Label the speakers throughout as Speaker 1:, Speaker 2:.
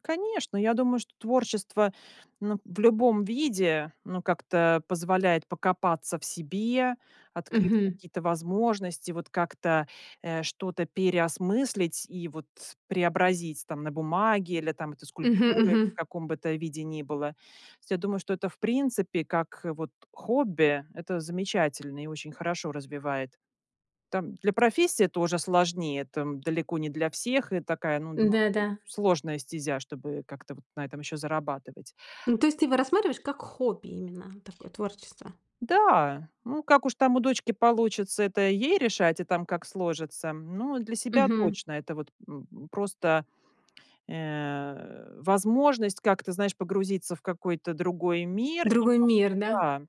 Speaker 1: Конечно, я думаю, что творчество, м, в любом виде, ну, как-то позволяет покопаться в себе, открыть
Speaker 2: Мгм.
Speaker 1: какие-то возможности, вот как-то, э, что-то переосмыслить и вот преобразить там на бумаге или там
Speaker 2: Мгм
Speaker 1: скульптуре, в
Speaker 2: мгм.
Speaker 1: каком бы то виде ни было. Я думаю, что это, в принципе, как, э, вот хобби, это замечательно и очень хорошо развивает. Там для профессии это уже сложнее, там далеко не для всех, и такая, ну, довольно
Speaker 2: Да да.
Speaker 1: сложная стезя, чтобы как-то вот на этом ещё зарабатывать.
Speaker 2: Ну, то есть ты его рассматриваешь как хобби, именно такое творчество?
Speaker 1: Да. Ну, как уж там у дочки получится, это ей решать и там, как сложится. Ну, для себя
Speaker 2: Мгм.
Speaker 1: точно. Это вот, м, просто, э, возможность как-то, знаешь, погрузиться в какой-то другой мир
Speaker 2: Другой
Speaker 1: немножко,
Speaker 2: мир, да?
Speaker 1: да.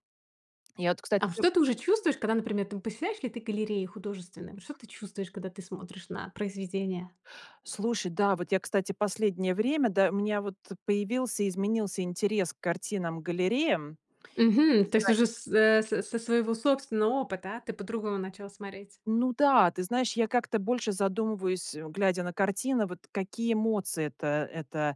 Speaker 1: Я вот, кстати
Speaker 2: А что ты уже чувствуешь, когда, например, там посещаешь какие-то галереи художественные, вот что ты чувствуешь, когда ты смотришь на произведения?
Speaker 1: Слушай, да вот я, кстати, в последнее время да, у меня вот появился, изменился интерес к картинам, галереям.
Speaker 2: Мгм! То есть
Speaker 1: Изра
Speaker 2: уже с э, со своего собственного опыта ты по-другому начал смотреть.
Speaker 1: Ну да, ты знаешь, я как-то больше задумываюсь, э, глядя на картины, вот какие эмоции это это,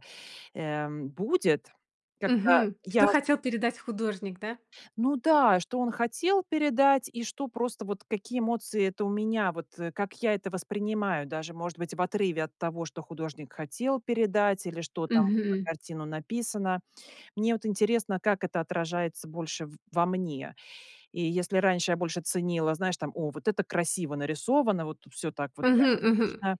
Speaker 1: эм, будет, когда
Speaker 2: Мгм. Что
Speaker 1: я с
Speaker 2: хотел передать художник, да?
Speaker 1: Ну да, что он хотел передать, и что просто вот какие эмоции это у меня, вот, э, как я это воспринимаю, даже, может быть, в отрыве от того, что художник хотел передать, или что там на этой
Speaker 2: Мгм.
Speaker 1: картине написано. Мне вот интересно, как это отражается больше в во мне. И если раньше я больше ценила, знаешь там: "О, вот это красиво нарисовано, вот всё так вот
Speaker 2: Мгм. Мгм.
Speaker 1: реалистично".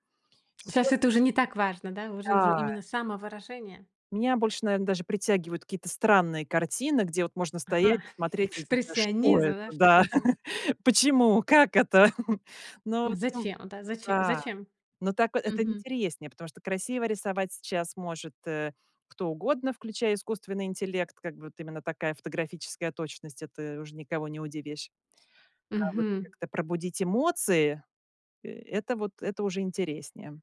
Speaker 2: Щас
Speaker 1: Сейчас
Speaker 2: это уже не так важно, да. Важно уже
Speaker 1: Да.
Speaker 2: именно самовыражение.
Speaker 1: Меня больше, наверно, даже притягивают какие-то странные картины, где вот можно стоять
Speaker 2: Ага,
Speaker 1: и смотреть: "Вот это что
Speaker 2: экспрессионизм,
Speaker 1: это?
Speaker 2: знаешь в
Speaker 1: Да
Speaker 2: таком смысле.
Speaker 1: почему? Как это?" Ну, в общем
Speaker 2: Зачем да, зачем
Speaker 1: Да.
Speaker 2: зачем?
Speaker 1: Ну, так это
Speaker 2: Мгм.
Speaker 1: интереснее, потому что красиво рисовать сейчас может, э, кто угодно, включая искусственный интеллект, как бы вот именно такая фотографическая точность- это уже никого не удивишь. А вот
Speaker 2: Мгм.
Speaker 1: как-то пробудить эмоции- это вот, это уже интереснее.